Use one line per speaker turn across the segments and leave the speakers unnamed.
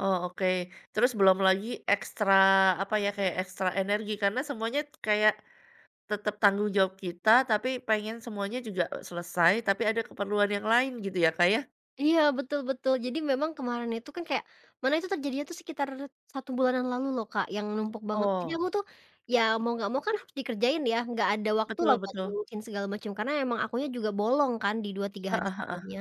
Oh, oke. Terus belum lagi ekstra apa ya, kayak ekstra energi karena semuanya kayak tetep tanggung jawab kita, tapi pengen semuanya juga selesai, tapi ada keperluan yang lain, gitu ya, Kak, ya?
Iya, betul betul. Jadi memang kemarin itu kan kayak mana itu terjadinya tuh sekitar 1 bulanan lalu loh Kak, yang numpuk banget. Jadi
Oh.
aku tuh, ya mau nggak mau kan harus dikerjain ya, nggak ada waktu lah
Betul
buat
betul.
ngurusin segala macem, karena emang akunya juga bolong kan di 2, 3 hari
Heeh heeh.
sebelumnya.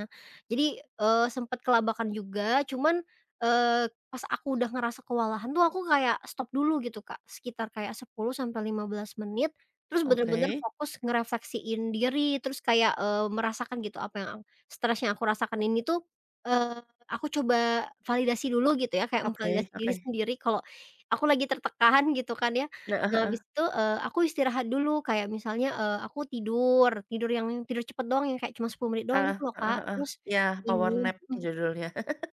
Jadi, eee, sempat kelabakan juga, cuman, eee, pas aku udah ngerasa kewalahan tuh aku kayak stop dulu gitu, Kak. Sekitar kayak 10 sampai 15 menit, terus bener-bener
Oke.
fokus ngerefleksiin diri. Terus kayak, eee, merasakan gitu apa yang a stres yang aku rasakan ini tuh, eee, aku coba validasi dulu gitu ya, kayak
Oke
memvalidasi diri
oke.
sendiri kalau aku lagi tertekan, gitu kan ya.
Heeh
Nah abis
heeh.
itu, eee, aku istirahat dulu, kayak misalnya, eee, aku tidur, tidur yang tidur cepet doang ya kayak cuma 10 menit doang
Eh,
itu loh
heeh
Kak.
heeh,
Terus,
ya,
ini
power nap
hmm.
judulnya.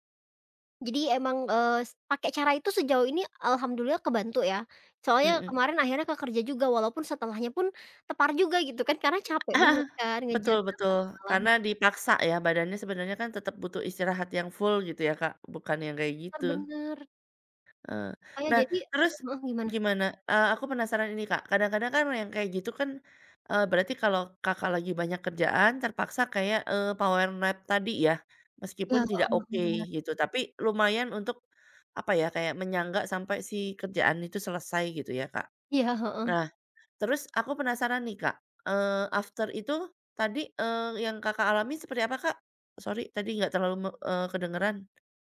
Jadi emang, eee, s pakai cara itu sejauh ini, eee, Alhamdulillah kebantu ya. Soalnya
Hmm.
kemarin akhirnya ke kerja juga walaupun setelahnya pun tepar juga gitu kan, karena capek
Ah,
banget kan
betul
ngejar dalam
betul,
1 malam.
karena dipaksa ya badannya sebenernya kan tetep butuh istirahat yang full, gitu ya Kak, bukan yang kayak
Ter
gitu.
benar.
Eh.
Oh, ya,
Nah
jadi
terus
heeh heeh gimana?
gimana? Eee, aku penasaran ini Kak, kadang-kadang kan yang kayak gitu kan, eee, berarti kalau Kakak lagi banyak kerjaan terpaksa kayak, eee, power nap tadi ya?
Iya,
Meskipun
heeh
tidak
heeh,
oke,
bener.
gitu. Tapi lumayan untuk apa ya, kayak menyangga sampai si kerjaan itu selesai, gitu ya Kak.
Iya, heeh.
Nah, terus aku penasaran nih Kak, eee, after itu tadi, eee, yang Kakak alami seperti apa Kak? Sorry, tadi nggak terlalu me eee, kedengeran.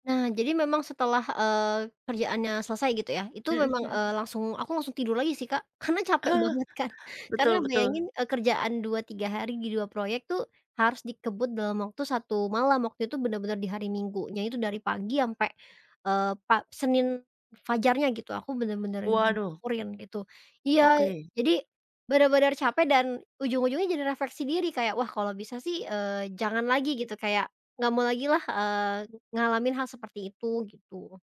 Nah, jadi memang setelah, eee, kerjaannya selesai gitu ya, itu
Hmm
memang,
hmm.
eee, langsung aku langsung tidur lagi sih, Kak. Karena capek banget kan, karena
Betul betul.
bayangin, eee, kerjaan 2, 3 hari di 2 proyek tuh harus dikebut dalam waktu 1 malam. Waktu itu bener-bener di hari Minggunya itu dari pagi sampai, eee, pa Senin fajarnya gitu, aku bener-bener yang
Waduh.
kurin gitu. Iya,
Oke.
jadi bener-bener capek dan ujung-ujungnya jadi refleksi diri kayak, wah kalau bisa sih, eee, jangan lagi gitu kayak, nggak mau lagi lah, eee, ngalamin hal seperti itu, gitu.